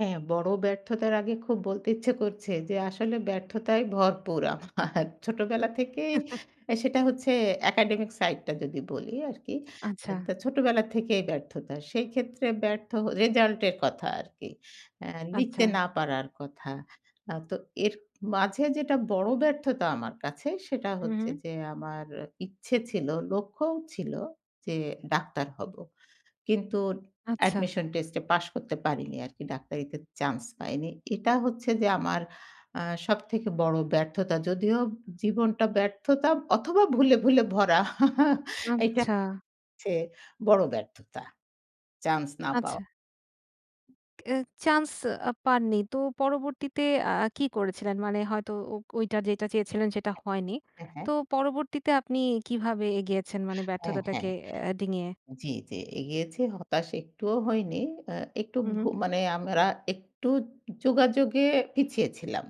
হ্যাঁ, বড় ব্যর্থতার আগে খুব বলতে ইচ্ছে করছে, যে আসলে ব্যর্থতায় ভরপুর আমার। ছোটবেলা থেকেই অ্যা সেটা হচ্ছে একাডেমিক সাইডটা যদি বলি আরকি, আ আচ্ছা। তো ছোটবেলা থেকেই ব্যর্থতা। সেইক্ষেত্রে ব্যর্থ রেজাল্টের কথা আরকি। অ্যা আচ্ছা। লিখতে না পারার কথা। আ তো এর মাঝে যেটা বড় ব্যর্থতা আমার কাছে, সেটা হু, হচ্ছে হু। যে আমার ইচ্ছে ছিল, লক্ষ্যও ছিল যে ডাক্তার হব। কিন্তু আচ্ছা। অ্যাডমিশন টেস্টে পাশ করতে পারিনি আরকি। ডাক্তারিতে চান্স পাইনি। এটা হচ্ছে যে আমার অ্যা সবথেকে বড় ব্যর্থতা। যদিও জীবনটা ব্যর্থতা অথবা ভুলে, ভুলে ভরা। এইটা আচ্ছা। হচ্ছে বড় ব্যর্থতা। চান্স না পাওয়া। আচ্ছা। অ্যা চান্স আ পাননি। তো পরবর্তীতে আ কী করেছিলেন? মানে হয়তো ও ওইটা যেটা চেয়েছিলেন, সেটা হয়নি। হ্যাঁ, হ্যাঁ। তো পরবর্তীতে আপনি কীভাবে এগিয়েছেন, মানে হ্যাঁ, ব্যর্থতাটাকে হ্যাঁ। আ ডিঙিয়ে? জি, জি। এগিয়েছি। হতাশ একটুও হয়নি। অ্যা একটু হু, ভু হু। মানে আমরা একটু যোগাযোগে পিছিয়ে ছিলাম।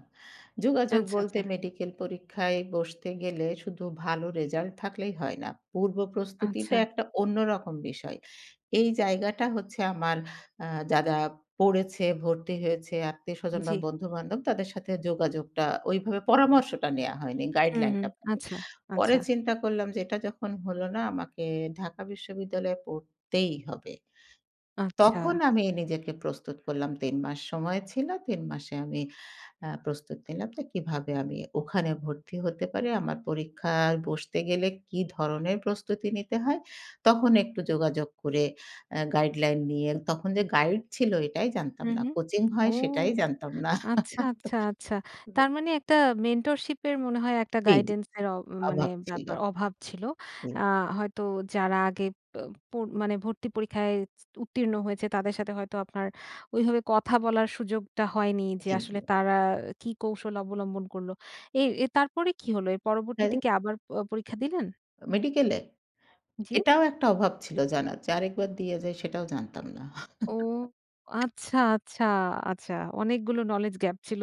যোগাযোগ আচ্ছা, বলতে আচ্ছা। মেডিকেল পরীক্ষায় বসতে গেলে শুধু ভালো রেজাল্ট থাকলেই হয় না, পূর্ব প্রস্তুতিটা আচ্ছা। একটা অন্যরকম বিষয়। এই জায়গাটা হচ্ছে আমার আ যারা পড়েছে, ভর্তি হয়েছে আত্মীয়স্বজন বা জি। বন্ধু-বান্ধব, তাদের সাথে যোগাযোগটা ওইভাবে পরামর্শটা নেওয়া হয়নি হু, হু। গাইডলাইনটা। আচ্ছা, পরে আচ্ছা। চিন্তা করলাম যে এটা যখন হলো না, আমাকে ঢাকা বিশ্ববিদ্যালয়ে পড়তেই হবে। তখন আচ্ছা। আমি নিজেকে প্রস্তুত করলাম। ৩ মাস সময় ছিল। ৩ মাসে আমি আ প্রস্তুত নিলাম যে কীভাবে আমি ওখানে ভর্তি হতে পারি। আমার পরীক্ষায় বসতে গেলে কী ধরনের প্রস্তুতি নিতে হয়, তখন একটু যোগাযোগ করে আ গাইডলাইন নিয়ে, তখন যে গাইড ছিল, এটাই জানতাম হু, না। হু। কোচিং ও! হয়, সেটাই জানতাম না। আচ্ছা, আচ্ছা, আচ্ছা। [unintelligible] তার মানে একটা মেন্টরশিপের মনে হয় একটা এই যে। গাইডেন্সের অ মানে অভাব ছিল। ব্যাপার অভাব ছিল। হুম। আ হয়তো যারা আগে অ্যা পোর মানে ভর্তি পরীক্ষায় উত্তীর্ণ হয়েছে, তাদের সাথে হয়তো আপনার ওইভাবে কথা বলার সুযোগটা হয়নি যে জি, আসলে জি। তারা কী কৌশল অবলম্বন করল। এ এ তারপরে কী হলো? এর পরবর্তীতে হ্যাঁ। কি আবার প পরীক্ষা দিলেন? মেডিকেলে? জি? এটাও একটা অভাব ছিল জানার যে আরেকবার দেয়া যায়, সেটাও জানতাম না। ও! আচ্ছা, আচ্ছা, আচ্ছা। অনেকগুলো নলেজ গ্যাপ ছিল।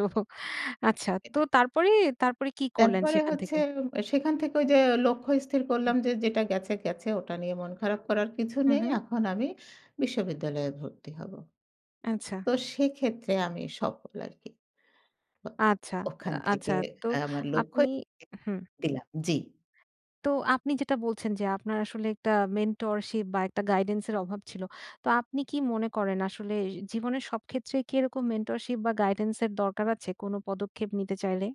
আচ্ছা। তো তারপরে, তারপরে কী করলেন তারপরে সেখান হচ্ছে থেকে? সেখান থেকে ওই যে লক্ষ্য স্থির হু। করলাম যে, যেটা গেছে গেছে। ওটা নিয়ে মন খারাপ করার কিছু হু, নেই। হুম। এখন আমি বিশ্ববিদ্যালয়ে ভর্তি হব। আচ্ছা। তো সেক্ষেত্রে আমি সফল আরকি। ও আচ্ছা, ওখান থেকে আচ্ছা। তো আমার লক্ষ্য আপনি [unintelligible] হু। দিলাম। জি। তো আপনি যেটা বলছেন যে আপনার আসলে একটা মেন্টরশিপ বা একটা গাইডেন্সের অভাব ছিল। তো আপনি কি মনে করেন আসলে এ জীবনের সব ক্ষেত্রেই কি এরকম মেন্টরশিপ বা গাইডেন্সের দরকার আছে কোনো পদক্ষেপ নিতে চাইলে?